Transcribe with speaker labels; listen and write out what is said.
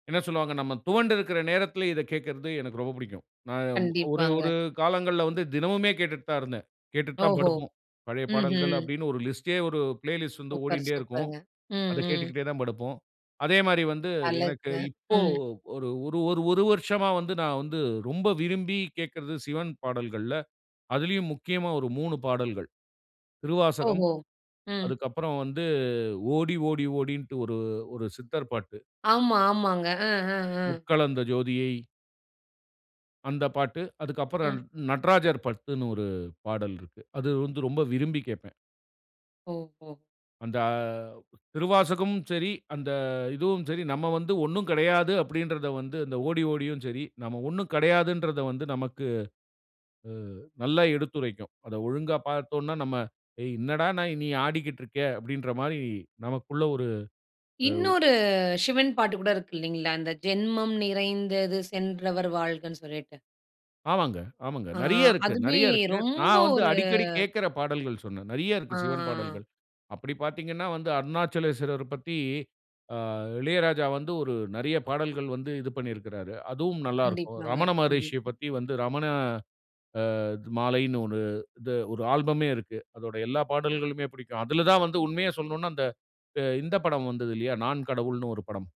Speaker 1: என்ன சொல்வாங்க, நம்ம துவண்டுருக்கிற நேரத்திலே இதைக் கேட்கிறது எனக்கு ரொம்ப புடிக்கும். நான் ஒரு
Speaker 2: கண்டிப்பாங்க.
Speaker 1: ஒரு காலங்கள்ல வந்து தினமுமே கேட்டுட்டு தான் இருந்தேன். கேட்டுட்டு தான்
Speaker 2: ஓஹோ!
Speaker 1: படுப்போம். பழைய பாடல்கள்
Speaker 2: ம்ஹம்.
Speaker 1: அப்டின்னு ஒரு லிஸ்ட்டே, ஒரு பிளே லிஸ்ட் வந்து
Speaker 2: சூப்பர்,
Speaker 1: ஓடின்டே இருக்கும்.
Speaker 2: சூப்பர்ங்க. ம்,
Speaker 1: அதக்
Speaker 2: ம்.
Speaker 1: கேட்டுகிட்டே தான் படுப்போம். அதே மாரி வந்து, எனக்கு
Speaker 2: அழகுங்க.
Speaker 1: இப்போ
Speaker 2: ம்.
Speaker 1: ஒரு ஒரு ஒரு 1 வருஷமா வந்து நான் வந்து ரொம்ப விரும்பி கேக்குறது சிவன் பாடல்கள்ல, அதிலேயும் முக்கியமா ஒரு 3 பாடல்கள். திருவாசகம்,
Speaker 2: ஓஹோ! ம்.
Speaker 1: அதுக்கப்புறம் வந்து ஓடி, ஓடி, ஓடின்டு ஒரு ஒரு சித்தர் பாட்டு.
Speaker 2: ஆமா, ஆமாங்க. அ, அ, அ.
Speaker 1: உட்கலந்த ஜோதியை அந்த பாட்டு. அதுக்கப்புறம்
Speaker 2: ம்.
Speaker 1: நட்ராஜர் பத்துன்னு ஒரு பாடல் இருக்கு. அது வந்து ரொம்ப விரும்பி கேட்பேன்.
Speaker 2: ஓஹோ!
Speaker 1: அந்த திருவாசகமும் சரி, அந்த இதுவும் சரி நம்ம வந்து ஒண்ணும் கெடையாது. அப்டின்றத வந்து அந்த ஓடி ஓடியும் சரி, நம்ம ஒண்ணும் கெடையாதுன்றத வந்து நமக்கு, அ நல்லா எடுத்துரைக்கும். அத ஒழுங்கா பார்த்தோன்ன்னா, நம்ம ஏய்! என்னடா நா நீ ஆடிக்கிட்டு இருக்க? அப்டின்ற மாரி நமக்குள்ள ஒரு எவ்
Speaker 2: இன்னொரு சிவன் பாட்டு கூட இருக்கு இல்லைங்களா? அந்த ஜென்மம் நிறைந்தது சென்றவர் வாழ்கன்னு சொல்லிட்டு.
Speaker 1: ஆமாங்க. ஆமாங்க.
Speaker 2: ஆ,
Speaker 1: நெறைய இருக்கு,
Speaker 2: அதுவே
Speaker 1: நெறைய இருக்கு.
Speaker 2: ரொம்ப
Speaker 1: நான் வந்து
Speaker 2: ஒரு
Speaker 1: அடிக்கடி கேட்கிற பாடல்கள் சொன்னேன். நெறைய இருக்கு
Speaker 2: ஆ.
Speaker 1: சிவன் பாடல்கள். அப்டி பார்த்தீங்கன்னா வந்து, அருணாச்சலேஸ்வரர் பத்தி ஆ இளையராஜா வந்து ஒரு நெறைய பாடல்கள் வந்து இது பண்ணியிருக்கிறாரு. அதுவும் நல்லா இருக்கும்.
Speaker 2: கண்டிப்பாங்க,
Speaker 1: ரமண மகரிஷிய
Speaker 2: கண்டிப்பா.
Speaker 1: பத்தி வந்து, ரமண அ மாலைன்னு ஒரு இது ஒரு ஆல்பமே இருக்கு. அதோடைய எல்லா பாடல்களுமே புடிக்கும். அதுல தான் வந்து உண்மைய சொல்லனுன்னா, அந்த இந்த படம் வந்தது இல்லையா? நான் கடவுள்ன்னு ஒரு படம்.